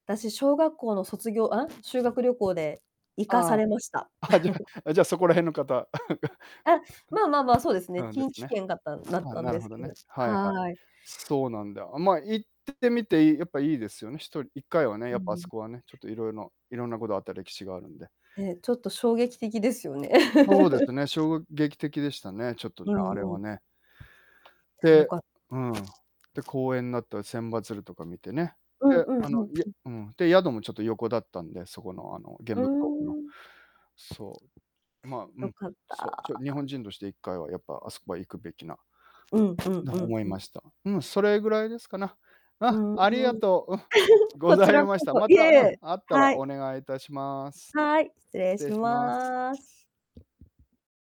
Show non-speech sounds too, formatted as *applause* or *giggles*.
私、小学校の卒業あん？修学旅行で行かさああ。れました。あ、じゃ *chuckles* あじゃあ、そこら辺の方。あ、まあまあまあ、そう *giggles* ですね、ん。うん、で近す畿ね。圏がったんだっあ、たんなるですほどけど、ね。はいはい。はい。そうひなんだ。あ、ま、行っててみてやっぱいいですよね。一人1回はね、うやーっぱ、あすん。こはね。ちょっと、いろいのいろんなことがあった歴史があるんで。ね、ちょっと衝撃的ですよね。そうで *laughs* すね。衝撃的でしたね。ちょっとね、うんあれうはん。ね。あ、よでかっうん、で、公園なった千羽鶴とか見てね。うんで、うんうんあの、いやうん。うん。で、宿もちょっと横だったんで、そこの、あの、原うー爆ドームの。ん。そう。ま、う良ん。かったそう、あちあょ日あ。本人として1回は、やっぱ、あすこは行くべきな…うんうんのうほん思いうん。ました。うん、それぐらいですかな。うん、うんうん。ありがとう。おふ *laughs* ごこちざいらましこた。そ、まいた、えいうん、え、あったらはい。お願いいたします。はい、失礼失し礼します。ます。